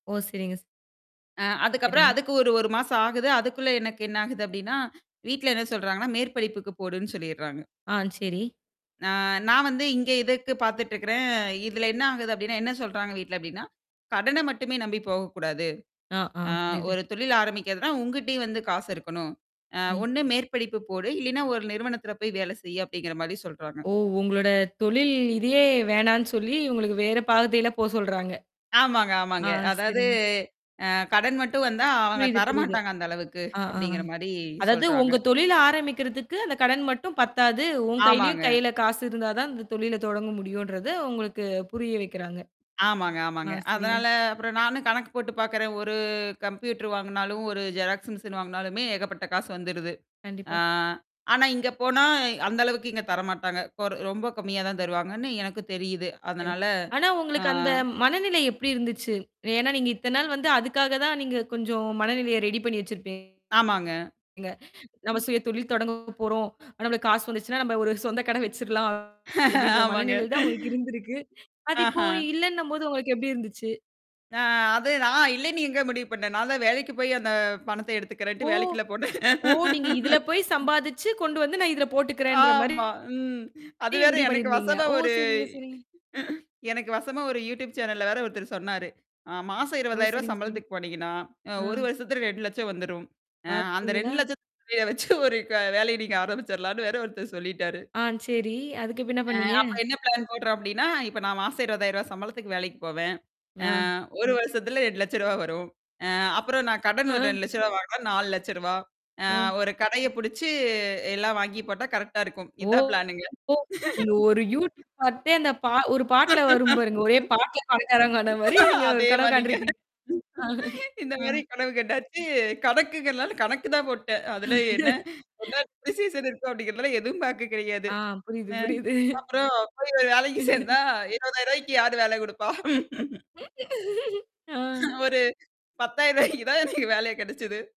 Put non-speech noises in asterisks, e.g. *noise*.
ஓ! சரிங்க.ஸ் அ அதுக்கப்புறம் சரிங்க. அதுக்கு 1 1 மாசம் ஆகுது. அதுக்குள்ள எனக்கு என்ன ஆகுது அப்டின்னா, வீட்டுல என்ன சொல்றாங்கன்னா, மேற்படிப்புக்கு போடுன்னு சொல்லிட்றாங்க. ஆ. சரி. அ நான் வந்து இங்கே இதுக்கு பார்த்துட்டு இருக்றேன். இதுல என்ன ஆகுது அப்டின்னா, என்ன சொல்றாங்க வீட்ல அப்டின்னா, "கடன மட்டுமே நம்பி போகக் கூடாது. ஆ, ஆ. அ புரியுது. ஒரு தொழில் ஆரம்பிக்கறதுன்னா உங்கிட்டேயும் வந்து காசு இருக்கணும். அ ம். ஒண்ணு மேற்படிப்பு போடு. இல்லைனா ஒரு நிறுவனத்ல வேல செய்யி." அப்டிங்கற மாதிரி சொல்றாங்க. ஓ! உங்களோட தொழில் இதையே வேணான்னு சொல்லி, உங்களுக்கு வேறப் பாதைல போச் சொல்றாங்க. ஆமாங்க, ஆமாங்க. ஆ அதாவது, சரிங்க. அ கடன் மட்டும் வந்தா அவங்க புரியுது, புரியுது. தரமாட்டாங்க அந்த அளவுக்கு, ஆ, ஆ அப்டிங்கற மாரி அதாவது உங்க சொல்றாங்க. தொழில் ஆரம்பிக்கறதுக்கு அந்தக் கடன் மட்டும் பத்தாது. உன் கையிலயும் ஆமாங்க. கையில காசு இருந்தாதான் இந்தத் தொழில தொடங்க முடியுன்றத, உங்களுக்குப் புரிய வைக்கிறாங்க. ஆமாங்க, ஆ ஆமாங்க. சரிங்க. அதனால அப்புறம் நானும் கணக்கு போட்டுப் பாக்குறேன். ஒரு கம்ப்யூட்டர் வாங்குனாலும், ஒரு ஜெராக்ஸ் மெஷின் வாங்கினாலுமே ஏகப்பட்ட காசு வந்துருது. ஆ கண்டிப்பா. ஆனா இங்கே போனா அந்த அளவுக்கு இங்கே தரமாட்டாங்க. இப்ப ஒரு ரொம்ப கம்மியா தான் தருவாங்கன்னு எனக்குத் தெரியுது. சரி. அதனால, ஆனா ஆ. உங்களுக்கு அந்த மனநிலை எப்டி இருந்துச்சு? ஏன்னா, நீங்க இத்தனை நாள் வந்து அதுக்காகதான் நீங்க கொஞ்சம் மனநிலையை ரெடி பண்ணி வச்சிருப்பீங்க. ஆமாங்க. நம்ம சுயதொழில் தொடங்கப்போறோம். நம்மளுக்கு காசு வந்துச்சுன்னா நாம ஒரு சொந்த கடை வெச்சிரலாம் அப்படின்ற ஆமாங்க. மனநிலைதான் உங்களுக்கு இருந்திருக்கு. அது ஆஹ. இப்போ இல்லைன்னும்போது உங்களுக்கு எப்டி இருந்துச்சு? அ அது நான் இல்லைன்னு எங்க முடிவு பண்ணேன்? நான்தான் வேலைக்குப் போயி அந்தப் பணத்த எடுத்துக்கறேன்டு ஓ! வேலைக்குல்ல போனேன். ஓ! நீங்க இதுல போய் சம்பாதிச்சு கொண்டு வந்து நான் இதுல போட்டுக்கிறேன்ற மாரி ஆமா. ம். அது நீங்க வேற. முடிவு எனக்கு பண்ணியிருந்தீங்க. வசமா ஓ! ஒரு சரிங்க, சரிங்க. எனக்கு வசமா ஒரு யூடியூப்சேனல் வேற ஒருத்தரு சொன்னாரு. அ மாசம் ஓ! ரூ. 20000 சரிங்க, சரிங்க. சம்பளத்துக்கு போனீங்கன்னா, அ ஒரு அ. வருஷத்துல 2 லட்சம் வந்துரும். அ அந்த பாத்தீங்களா? 2 லட்சத்த வச்சு ஒரு க வேலைய நீங்க ஆரம்பிச்சிரலான்னு வேற, ஒருத்தர் சொல்லிட்டாரு. ஆ சரி. அதுக்கு பின்ன என்ன அ பண்ணீங்க? அப்ப என்ன ப்ளான் போடுறேன் அப்டின்னா, இப்ப நான் மாசம் ரூ. 20000 சம்பளத்துக்கு வேலைக்குப் போவேன். ஆ நான். 1 வருஷத்துல ரூ. 200000 வரும். அ அப்புறம் நான் கடன் அஹ்ம். ரூ. 200000 ரூ. 400000. அ அ. ஒரு கடையப் புடிச்சு எல்லாம் வாங்கி போட்டா கரெக்ட்டா இருக்கும். இதான் ப்ளான்னுங்க. ஓஹோ! நீங்க ஒரு *laughs* யூடியூப் பார்த்தே அந்த ப ஒரு பாட்டுல வரும் பாருங்க. ஒரே *laughs* பாட்டுல பணக்காரங்க ஆன மாதிரி நீங்க ஒரு அதே கனவு மாரிங்க. காண்டிருக்கீங்க. *laughs* இந்த மாரி அ. கனவு கண்டாச்சு. கணக்குங்கறதுனால கணக்கு தான் போட்டேன். அதுல என்ன என்ன *laughs* டிஸிஸ்ஸன் இருக்கு அப்டிங்கறதெல்லாம் ஏதும் பாக்க கெடையாது. ஆ. புரியுது, ஆ புரியுது. அப்புறம் ஒரு வேலைக்குச் சேர்ந்தா *laughs* ரூ. 20000க்கி யாரு வேல குடுப்பா? *laughs* ஆ. ஒரு ரூ. 10000 தான் எனக்கு வேல கெடைச்சது.